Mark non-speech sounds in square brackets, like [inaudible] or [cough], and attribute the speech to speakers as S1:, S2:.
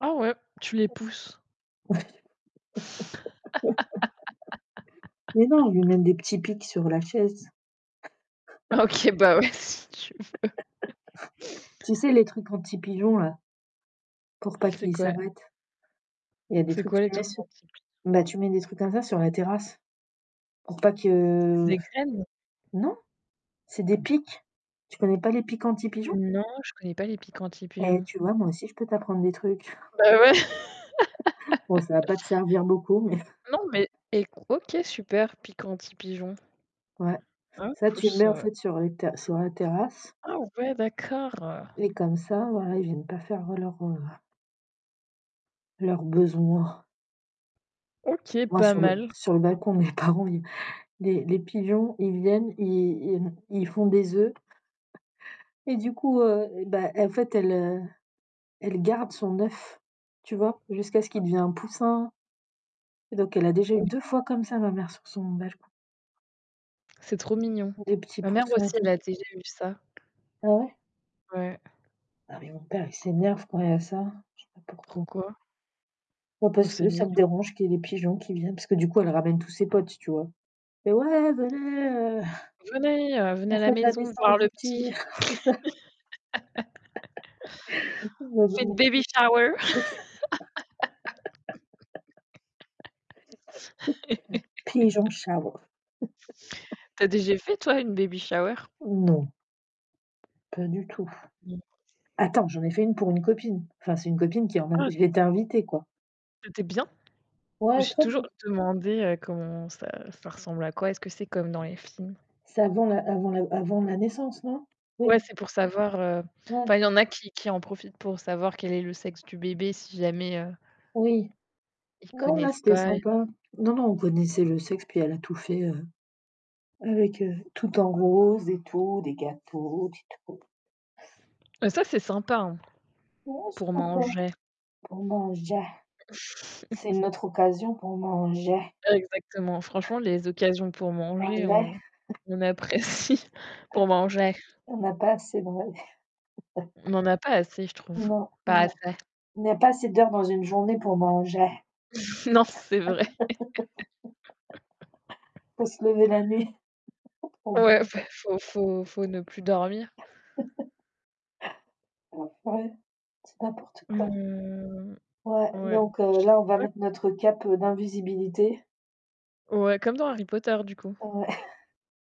S1: Ah ouais, tu les pousses.
S2: [laughs] Mais non, je mets
S1: [laughs]
S2: des petits pics sur la chaise. [chuckles]
S1: OK, bah ouais, si tu veux.
S2: [chuckles]
S1: [chuckles]
S2: Tu sais les trucs anti-pigeons là pour pas
S1: C'est
S2: qu'ils
S1: quoi?
S2: s'arrêtent. Il y a des
S1: C'est
S2: trucs que
S1: quoi les
S2: tu mets
S1: trucs
S2: sur
S1: anti pi
S2: bah tu mets des trucs comme ça sur la terrasse, pour pas
S1: C'est
S2: que
S1: des graines?
S2: non, c'est des pics. Tu connais pas les pics anti pigeons?
S1: Non, je connais pas les pics
S2: Eh
S1: anti-pigeons.
S2: tu vois, moi aussi, je peux t'apprendre des trucs.
S1: Bah ouais,
S2: [laughs] Bon, ça va
S1: [laughs]
S2: pas te servir beaucoup, mais
S1: Non, mais
S2: [chuckles]
S1: écou OK super, pic anti-pigeons.
S2: Ouais,
S1: Ah,
S2: ça tu le
S1: plus,
S2: mets en
S1: heu
S2: fait sur les ter sur la terrasse
S1: Ah ouais d'accord, heu
S2: et comme ça, voila ils viennent pas faire leurs, heu leurs besoins.
S1: OK,
S2: Moi
S1: pas
S2: sur le
S1: mal.
S2: sur le balcon, de mes parents ils les les pigeons, ils viennent, ils ils m ils font des œufs, [chuckles] et du coup, heu et ben en fait, elle, heu, elle garde son œuf, tu vois, jusqu'à ce qu'il devient un poussin Et donc a déjà eu
S1: [unintelligible]
S2: 2 fois comme ça ma mère sur son balcon.
S1: C'est trop mignon.
S2: Des petits
S1: Ma mère
S2: poussins et
S1: aussi, elle
S2: tout.
S1: a déjà eu ça.
S2: Ah ouais?
S1: Ouais.
S2: Ah mais mon père, il s'énerve quand il y ça. Je sais pas pourquoi.
S1: Pourquoi?
S2: Bah
S1: Bah
S2: parce
S1: c'est
S2: que
S1: mignon.
S2: ça le dérange qu'il y des pigeons qui viennent, parce que du coup, elle ramène tous ses potes, tu vois. Fait: «Ouais venez, heu,
S1: «Venez,
S2: [chuckles]
S1: heu, venez à
S2: on
S1: la
S2: fête la
S1: maison voir
S2: naissance
S1: le
S2: du petit».
S1: petit».
S2: C'est ça!
S1: [laughs]
S2: [laughs]
S1: «On fait
S2: J'adore.
S1: baby shower!».
S2: [laughs] Pigeon
S1: [laughs]
S2: shower.
S1: Tu as déjà fait toi une baby shower?
S2: Non. Pas du tout.
S1: Mmh.
S2: Attends, j'en ai fait une pour une copine. Enfin, c'est une copine qui, en mem
S1: Ah!
S2: j'ai été invitée, quoi.
S1: C'était bien? Je me
S2: Ouais,
S1: suis
S2: très
S1: toujours
S2: bien.
S1: demandé, heu, comment ça ça ressemble à quoi? Est-ce que c'est comme dans les films?
S2: C'est avant la avant la avant la naissance, non? Oui.
S1: Ouais, c'est pour savoir, heu, enfin,
S2: Ouais.
S1: il y en a qui qui en profitent pour savoir quel est le sexe du bébé si jamais, heu
S2: Oui.
S1: ils
S2: Non là
S1: connaissent
S2: c'était
S1: pas
S2: sympa. Non, non, on connaissait le sexe puis elle a tout fait, heu, avec heu, tout en rose et tout, des gâteaux, des [unintelligible]
S1: Et ça, c'est sympa hein!
S2: Ouais c'est
S1: Pour
S2: sympa.
S1: manger.
S2: Pour manger. C'est
S1: [chuckles]
S2: une autre occasion pour manger.
S1: Exactement. Franchement, les occasions pour manger,
S2: Manger.
S1: on
S2: [chuckles]
S1: on apprécie
S2: [chuckles]
S1: pour manger.
S2: On a pas [unintelligible] [chuckles]
S1: On en a pas assez, je trouve,
S2: Non,
S1: pas
S2: non.
S1: assez.
S2: Il n'y a pas assez d'heures dans une journée pour manger.
S1: [chuckles] Non, c'est vrai.
S2: [laughs] Faut
S1: [laughs]
S2: se lever la nuit. [laughs] Pour
S1: Ouais,
S2: manger.
S1: fe faut faut faut ne plus dormir.
S2: [chuckles] Ouais. Ouais. C'est n'importe quoi.
S1: Mmh
S2: Ouais,
S1: ouais.
S2: donc
S1: Je
S2: heu,
S1: sais
S2: là on va
S1: pas
S2: mettre notre cape, heu, d'invisibilité.
S1: Ouais, comme dans Harry Potter du coup.
S2: Ouais! [chuckles]